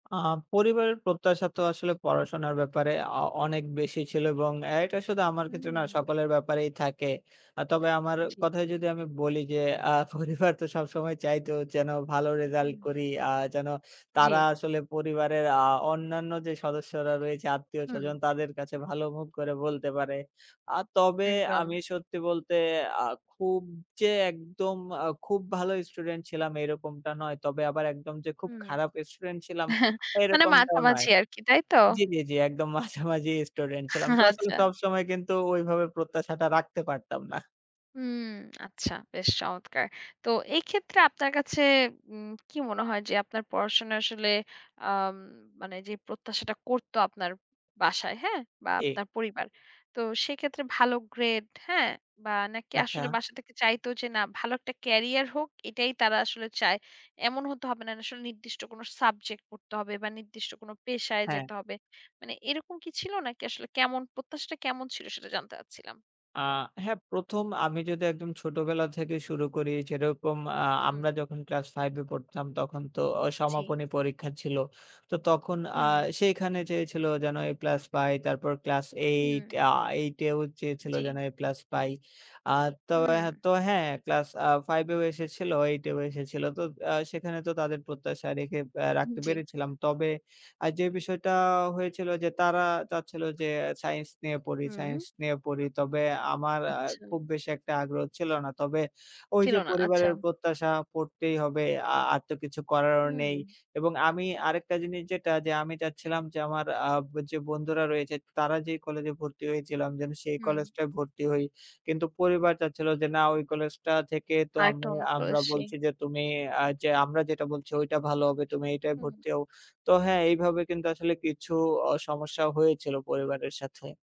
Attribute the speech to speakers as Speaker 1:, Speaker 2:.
Speaker 1: আ আ পরিবারের প্রত্যাশা তো আসলে পড়াশোনার ব্যাপারে আ অনেক বেশি ছিল এবং এটা শুধু আমার ক্ষেত্রে না
Speaker 2: হুম।
Speaker 1: সকলের ব্যাপারেই থাকে। আ তবে আমার
Speaker 2: জী।
Speaker 1: কথায় যদি আমি বলি যে, আ পরিবার তো সবসময় চাইতো যেন ভালো রেজাল্ট
Speaker 2: হুম।
Speaker 1: করি আ যেন তারা
Speaker 2: জী।
Speaker 1: আসলে পরিবারের আ অন্যান্য যে সদস্যরা রয়েছে,
Speaker 2: হুম।
Speaker 1: আত্মীয়স্বজন তাদের কাছে ভালো মুখ করে বলতে পারে। আ তবে আমি
Speaker 2: একদম।
Speaker 1: সত্যি বলতে আ খুব যে একদম আ খুব ভালো স্টুডেন্ট ছিলাম এরকমটা নয়, তবে আবার একদম যে খুব
Speaker 2: হুম।
Speaker 1: খারাপ স্টুডেন্ট ছিলাম
Speaker 2: মানে
Speaker 1: এরকমটাও নয়।
Speaker 2: মাঝামাঝি আরকি। তাই তো?
Speaker 1: জী, জী, জী একদম মাঝামাঝি স্টুডেন্ট ছিলাম, ক্লাসে
Speaker 2: আচ্ছা।
Speaker 1: সবসময় কিন্তু ঐভাবে প্রত্যাশাটা রাখতে পারতাম না।
Speaker 2: হুম আচ্ছা বেশ চমৎকার। তো এক্ষেত্রে আপনার কাছে উম কি মনে হয় যে আপনার পড়াশোনা আসলে আম মানে যে প্রত্যাশাটা করত আপনার বাসায়, হ্যাঁ? বা
Speaker 1: এই।
Speaker 2: আপনার পরিবার। তো সেক্ষেত্রে ভালো গ্রেড হ্যাঁ? বা নাকি
Speaker 1: আচ্ছা।
Speaker 2: আসলে বাসা থেকে চাইতো যে না ভালো একটা ক্যারিয়ার হোক এটাই তারা আসলে চায়? এমন হতে হবে না আসলে নির্দিষ্ট কোন সাবজেক্ট পড়তে হবে বা নির্দিষ্ট কোন পেশায়
Speaker 1: হ্যাঁ।
Speaker 2: যেতে হবে। মানে এরকম কি ছিল নাকি আসলে কেমন প্রত্যাশাটা কেমন ছিল? সেটা জানতে চাচ্ছিলাম।
Speaker 1: আ হ্যাঁ, ১ম আমি যদি একদম ছোটবেলা থেকে শুরু করি যেরকম আ
Speaker 2: হুম।
Speaker 1: আমরা যখন ক্লাস 5 এ পড়তাম তখন তো
Speaker 2: জী।
Speaker 1: সমাপনী পরীক্ষা ছিল। তো তখন আ
Speaker 2: হুম।
Speaker 1: সেইখানে চেয়েছিল যেন এ প্লাস পাই তারপর ক্লাস 8
Speaker 2: হুম।
Speaker 1: আ 8 এও চেয়েছিল
Speaker 2: জী।
Speaker 1: যেন এ প্লাস পাই। আ তো আ
Speaker 2: হুম।
Speaker 1: তো হ্যাঁ ক্লাস আ 5 এও এসেছিল, 8 এও এসেছিল। তো আ সেখানে তো তাদের প্রত্যাশা রেখে আ রাখতে
Speaker 2: জী।
Speaker 1: পেরেছিলাম। তবে আ যে বিষয়টা হয়েছিল যে, তারা চাচ্ছিল যে সাইন্স নিয়ে পড়ি,
Speaker 2: হুম।
Speaker 1: সায়েন্স নিয়ে পড়ি। তবে আমার
Speaker 2: আচ্ছা।
Speaker 1: খুব বেশি একটা আগ্রহ ছিল না। তবে ওই
Speaker 2: ছিল
Speaker 1: যে
Speaker 2: না। আচ্ছা।
Speaker 1: পরিবারের প্রত্যাশা পড়তেই হবে আ আর তো কিছু করারও
Speaker 2: উ
Speaker 1: নেই
Speaker 2: হুম।
Speaker 1: এবং আমি আরেকটা জিনিস যেটা যে আমি চাচ্ছিলাম যে আমার আ যে বন্ধুরা রয়েছে তারা যেই কলেজ এ ভর্তি হয়েছিল আমি যেন সেই
Speaker 2: হুম।
Speaker 1: কলেজটায় ভর্তি হই। কিন্তু পরিবার চাচ্ছিল যে না ওই কলেজটা থেকে তো
Speaker 2: আর
Speaker 1: আমু
Speaker 2: একটা
Speaker 1: আমরা বলছি
Speaker 2: [unintelligible]
Speaker 1: যে তুমি আ যে আমরা যেটা বলছি ঐটা ভালো হবে। তুমি এইটায়
Speaker 2: হুম।
Speaker 1: ভর্তি হও। তো হ্যাঁ, এইভাবে কিন্তু আসলে কিছু সমস্যা হয়েছিল পরিবারের সাথে।